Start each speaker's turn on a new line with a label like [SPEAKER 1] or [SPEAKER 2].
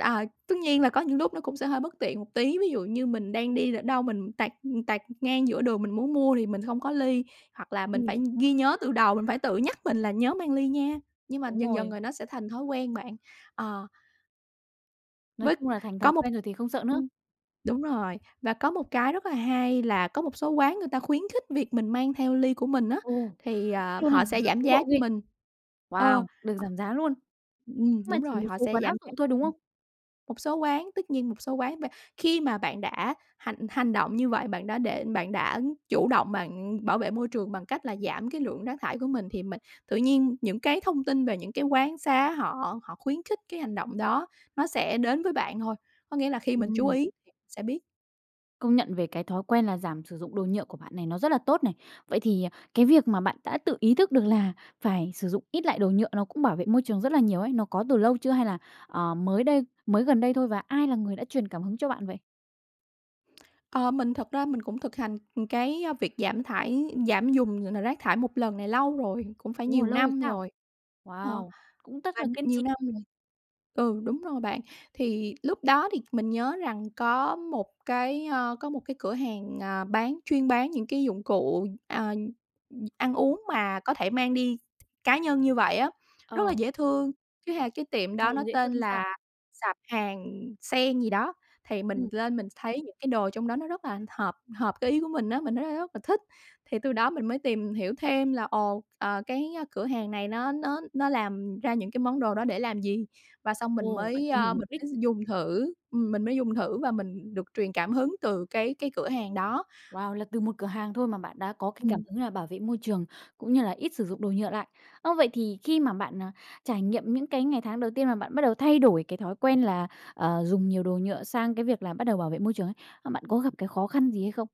[SPEAKER 1] À, tất nhiên là có những lúc nó cũng sẽ hơi bất tiện một tí, ví dụ như mình đang đi ở đâu mình tạt tạt ngang giữa đường mình muốn mua thì mình không có ly hoặc là mình
[SPEAKER 2] Ừm.
[SPEAKER 1] phải ghi nhớ từ đầu, mình phải tự nhắc mình là nhớ mang ly nha, nhưng mà
[SPEAKER 2] Đúng
[SPEAKER 1] dần dần
[SPEAKER 2] rồi.
[SPEAKER 1] rồi nó sẽ thành thói quen bạn, ờ.
[SPEAKER 2] Nói
[SPEAKER 1] Với
[SPEAKER 2] chung là thành
[SPEAKER 1] có
[SPEAKER 2] thói
[SPEAKER 1] một
[SPEAKER 2] quen rồi thì không sợ nữa.
[SPEAKER 1] ừm, đúng rồi, và có một cái rất là hay là có một số quán người ta khuyến khích việc mình mang theo ly của mình á,
[SPEAKER 2] Ồ,
[SPEAKER 1] thì,
[SPEAKER 2] khuyến khích
[SPEAKER 1] ờ,
[SPEAKER 2] luôn ha,
[SPEAKER 1] họ sẽ
[SPEAKER 2] giờ
[SPEAKER 1] giảm
[SPEAKER 2] tiến
[SPEAKER 1] giá
[SPEAKER 2] bộ
[SPEAKER 1] cho
[SPEAKER 2] ghê.
[SPEAKER 1] mình ờ,
[SPEAKER 2] Wow, được
[SPEAKER 1] ho
[SPEAKER 2] giảm giá luôn,
[SPEAKER 1] ừm,
[SPEAKER 2] nhưng mà
[SPEAKER 1] đúng
[SPEAKER 2] chỉ
[SPEAKER 1] rồi,
[SPEAKER 2] một
[SPEAKER 1] họ
[SPEAKER 2] số
[SPEAKER 1] sẽ
[SPEAKER 2] quán áp
[SPEAKER 1] giảm giá,
[SPEAKER 2] dụng thôi, đúng
[SPEAKER 1] ừm,
[SPEAKER 2] không?
[SPEAKER 1] một số quán tất nhiên một số quán v khi mà bạn đã hành hành động như vậy, bạn đã để bạn đã chủ động bạn bảo vệ môi trường bằng cách là giảm cái lượng rác thải của mình, thì mình tự nhiên những cái thông tin về những cái quán xá họ họ khuyến khích cái hành động đó nó sẽ đến với bạn thôi, có nghĩa là khi mình chú
[SPEAKER 2] Ừm.
[SPEAKER 1] ý sẽ biết.
[SPEAKER 2] Công nhận về cái thói quen là giảm sử dụng đồ nhựa của bạn này, nó rất là tốt này, vậy thì, ờ, cái việc mà bạn đã tự ý thức được là phải sử dụng ít lại đồ nhựa nó cũng bảo vệ môi trường rất là nhiều ấy, nó có từ lâu chưa hay là, ờ, mới đây mới gần đây thôi, và ai là người đã truyền cảm hứng cho bạn vậy?
[SPEAKER 1] Ờ, mình thật ra mình cũng thực hành cái, ơ, việc giảm thải giảm dùng, ờ, ờ, rác thải một lần này lâu rồi, cũng phải
[SPEAKER 2] Ồ,
[SPEAKER 1] nhiều
[SPEAKER 2] lâu rồi
[SPEAKER 1] năm
[SPEAKER 2] sao?
[SPEAKER 1] rồi, ờ,
[SPEAKER 2] Wow, cũng rất
[SPEAKER 1] và
[SPEAKER 2] là kiên
[SPEAKER 1] nhiều
[SPEAKER 2] trì.
[SPEAKER 1] năm rồi ừ, đúng rồi bạn, thì lúc đó thì mình nhớ rằng có một cái, ơ, có một cái cửa hàng, ờ, bán chuyên bán những cái dụng cụ, à, ừm, ăn uống mà có thể mang đi cá nhân như vậy á, rất là
[SPEAKER 2] Ờ.
[SPEAKER 1] dễ thương. Thứ hai là cái tiệm đó
[SPEAKER 2] Ồ,
[SPEAKER 1] nó
[SPEAKER 2] dễ
[SPEAKER 1] tên
[SPEAKER 2] thương sao?
[SPEAKER 1] là sạp hàng Sen gì đó thì mình
[SPEAKER 2] Ừm.
[SPEAKER 1] lên mình thấy những cái đồ trong đó nó rất là hợp, hợp cái ý của mình á, mình thấy rất rất là thích, thì từ đó mình mới tìm hiểu thêm là ồ, ờ, cái, ơ, cửa hàng này nó nó nó làm ra những cái món đồ đó để làm gì và xong mình
[SPEAKER 2] Ồ, bạn
[SPEAKER 1] mới,
[SPEAKER 2] tìm hiểu
[SPEAKER 1] ơ,
[SPEAKER 2] mục
[SPEAKER 1] mình
[SPEAKER 2] đích.
[SPEAKER 1] mới dùng thử, ừm, mình mới dùng thử và mình được truyền cảm hứng từ cái cái cửa hàng đó.
[SPEAKER 2] Wow, là từ một cửa hàng thôi mà bạn đã có cái cảm
[SPEAKER 1] Ừm.
[SPEAKER 2] hứng là bảo vệ môi trường cũng như là ít sử dụng đồ nhựa lại, ờ, vậy thì khi mà bạn, ờ, trải nghiệm những cái ngày tháng đầu tiên mà bạn bắt đầu thay đổi cái thói quen là, ờ, dùng nhiều đồ nhựa sang cái việc là bắt đầu bảo vệ môi trường ấy, ờ, bạn có gặp cái khó khăn gì hay không?